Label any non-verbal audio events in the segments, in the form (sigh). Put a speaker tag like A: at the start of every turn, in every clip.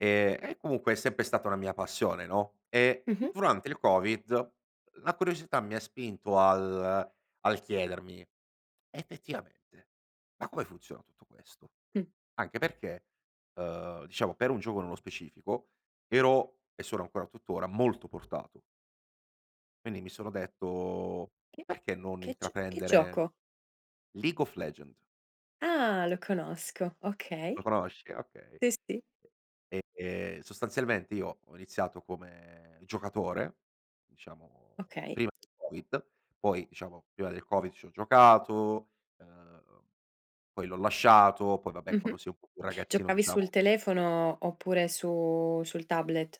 A: E e, comunque, è sempre stata una mia passione, no, e,
B: Mh-mh.
A: durante il Covid, la curiosità mi ha spinto al al chiedermi, effettivamente: “Ma come funziona tutto questo?”
B: Mh.
A: Anche perché, uhm, diciamo, per un gioco nello specifico, ero e sono ancora, tuttora, molto portato. Quindi, mi sono detto:
B: Che
A: “Perché non
B: che, g che
A: intraprendere
B: gioco?
A: "League of Legends
B: Ah! Lo conosco,
A: Lo
B: okay.
A: conosci? Okay.
B: Sì, sì.
A: Ehm, sostanzialmente, io ho iniziato come giocatore, diciamo,
B: Okay.
A: prima del Covid. Poi, diciamo, prima del Covid ci ho giocato ehm, poi, l'ho lasciato. Poi, vabbè,
B: Mh-mh.
A: quando si è un po' più ragazzino,
B: Giocavi sul
A: diciamo
B: telefono oppure su sul tablet?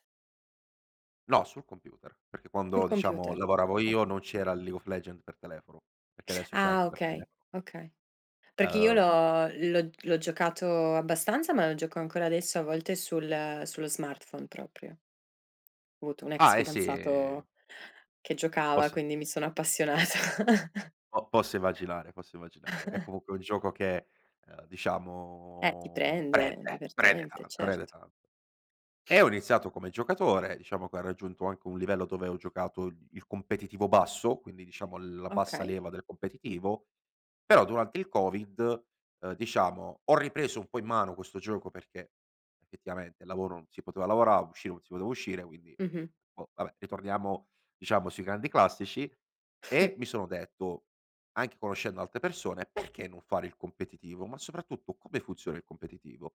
A: No, sul computer, perché,
B: Sul
A: quando, diciamo,
B: computer,
A: lavoravo io,
B: oka
A: non c'era il League of Legends per telefono, perché adesso c'è
B: Ah,
A: anche per
B: okay.
A: telefono.
B: Okay. Perché io
A: Uhm
B: l'ho l'ho l'ho giocato abbastanza, ma lo gioco ancora adesso, a volte, sul sullo smartphone proprio. Avuto un ex
A: Ah, e si
B: fidanzato che giocava,
A: Po'si.
B: quindi mi sono appassionata. (chuckles)
A: Oh, posso immaginare, posso immaginare. È,
B: (chuckles)
A: comunque, un gioco che, uhm,
B: Eh, ti
A: diciamo,
B: prende,
A: prende, prende
B: divertente,
A: tanto, prende
B: certo.
A: tanto. E ho iniziato come giocatore. Diciamo che ho raggiunto anche un livello dove ho giocato il competitivo basso, quindi, diciamo, la bassa
B: Okay.
A: leva del competitivo. Però, durante il Covid, uhm, diciamo, ho ripreso un po' in mano questo gioco perché, effettivamente, il lavoro, non si poteva lavorare; uscire, si poteva uscire. Quindi,
B: Mh-mh.
A: boh vabbè, ritorniamo, diciamo, sui grandi classici e
B: (chuckles)
A: mi sono detto, anche conoscendo altre persone: “Perché non fare il competitivo?" Ma, soprattutto: "Come funziona il competitivo?”